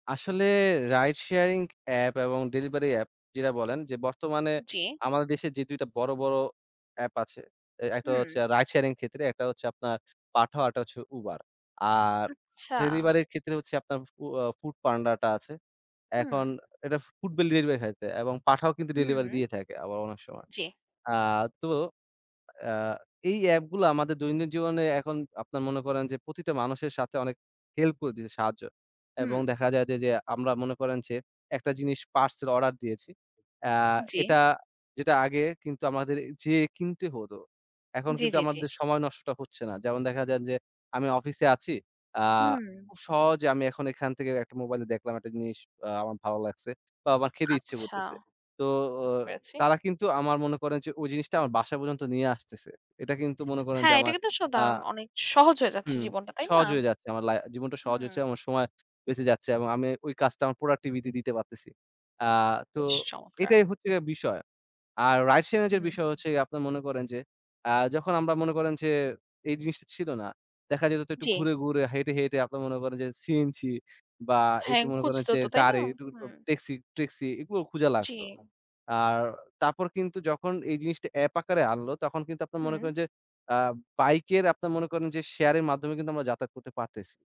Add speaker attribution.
Speaker 1: আসলে ride sharing app এবং delivery app যেটা বলেন যে, বর্তমানে
Speaker 2: জি।
Speaker 1: আমাদের দেশে যে ২ টা বড়, বড় এ্যাপ আছে, এ একটা
Speaker 2: হুম।
Speaker 1: হচ্ছে রাইড শেয়ারিং ক্ষেত্রে, একটা হচ্ছে আপনার পাঠাও, আরেকটা হচ্ছে উবার। আর
Speaker 2: আচ্ছা।
Speaker 1: ডেলিভারি এর ক্ষেত্রে হচ্ছে আপনার ফ আ ফুডপান্ডাটা আছে। এখন
Speaker 2: হু।
Speaker 1: এটা ফুড বেল ডেলিভারি [unintelligible] এবং পাঠাও কিন্তু
Speaker 2: হু,
Speaker 1: ডেলিভারি
Speaker 2: হু।
Speaker 1: দিয়ে থাকে আবার অনেক সময়।
Speaker 2: জি।
Speaker 1: আ তো আ এই এ্যাপ গুলো আমাদের দৈনিক জীবনে এখন আপনার মনে করেন যে, প্রতিটা মানুষের সাথে অনেক হেল্প করে দিয়েছে সাহায্য। এবং
Speaker 2: হুম।
Speaker 1: দেখা যায় যে, যে আমরা মনে করেন যে, একটা জিনিস পার্সেল অর্ডার দিয়েছি। এ্যা
Speaker 2: জি।
Speaker 1: এটা যেটা আগে কিন্তু আমাদের যেয়ে কিনতে হতো। এখন
Speaker 2: জি,
Speaker 1: কিন্তু
Speaker 2: জি, জি।
Speaker 1: আমাদের সময় নষ্টটা হচ্ছে না। যেমন দেখা যায় যে, আমি অফিসে আছি। আ
Speaker 2: হুম।
Speaker 1: খুব সহজে আমি এখন এখান থেকে একটা মোবাইলে দেখলাম একটা জিনিস আ আমার ভালো লাগছে। বা আমার খেতে ইচ্ছে
Speaker 2: আচ্ছা,
Speaker 1: করতেছে। তো অ
Speaker 2: বুঝতে পেরেছি।
Speaker 1: তারা কিন্তু আমার মনে করেন যে, ওই জিনিসটা আমার বাসা পর্যন্ত নিয়ে আসতেছে। এটা কিন্তু মনে করেন
Speaker 2: হ্যা,
Speaker 1: যে,
Speaker 2: এটা
Speaker 1: আমার
Speaker 2: কিন্তু স
Speaker 1: আ
Speaker 2: দারুন অনেক সহজ হয়ে যাচ্ছে
Speaker 1: হুম,
Speaker 2: জীবনটা তাই না?
Speaker 1: সহজ হয়ে যাচ্ছে। আমার লা জীবনটা সহজ
Speaker 2: হুম।
Speaker 1: হচ্ছে, আমার সময় বেঁচে যাচ্ছে এবং আমি ওই কাজটা আমার প্রোডাক্টিভিটি দিতে পারতেছি। আ তো
Speaker 2: বেশ চমৎকার!
Speaker 1: এটাই হচ্ছে বিষয়। আর রাইড শেয়ারিং এর
Speaker 2: হুম।
Speaker 1: বিষয় হচ্ছে গিয়ে আপনারা মনে করেন যে, আ যখন আমরা মনে করেন যে, এই জিনিসটা ছিল না, দেখা যেত তো একটু
Speaker 2: জি।
Speaker 1: ঘুরে, ঘুরে হেঁটে, হেঁটে আপনারা মনে করেন যে, সিএনজি বা
Speaker 2: হ্যা,
Speaker 1: একটু মনে করেন
Speaker 2: খুঁজতে
Speaker 1: যে,
Speaker 2: হতো তাই না?
Speaker 1: গাড়ি একটু
Speaker 2: হুম।
Speaker 1: ট্যাক্সি, ট্যাক্সি এগুলো খুঁজা লাগতো।
Speaker 2: জি।
Speaker 1: আর তারপর কিন্তু যখন এই জিনিসটা এ্যাপ আকারে আনলো, তখন কিন্তু আপনারা মনে
Speaker 2: হুম।
Speaker 1: করেন যে, আ বাইক এর আপনার মনে করেন যে, শেয়ার এর মাধ্যমে কিন্তু আমরা যাতায়াত করতে পারতেছি।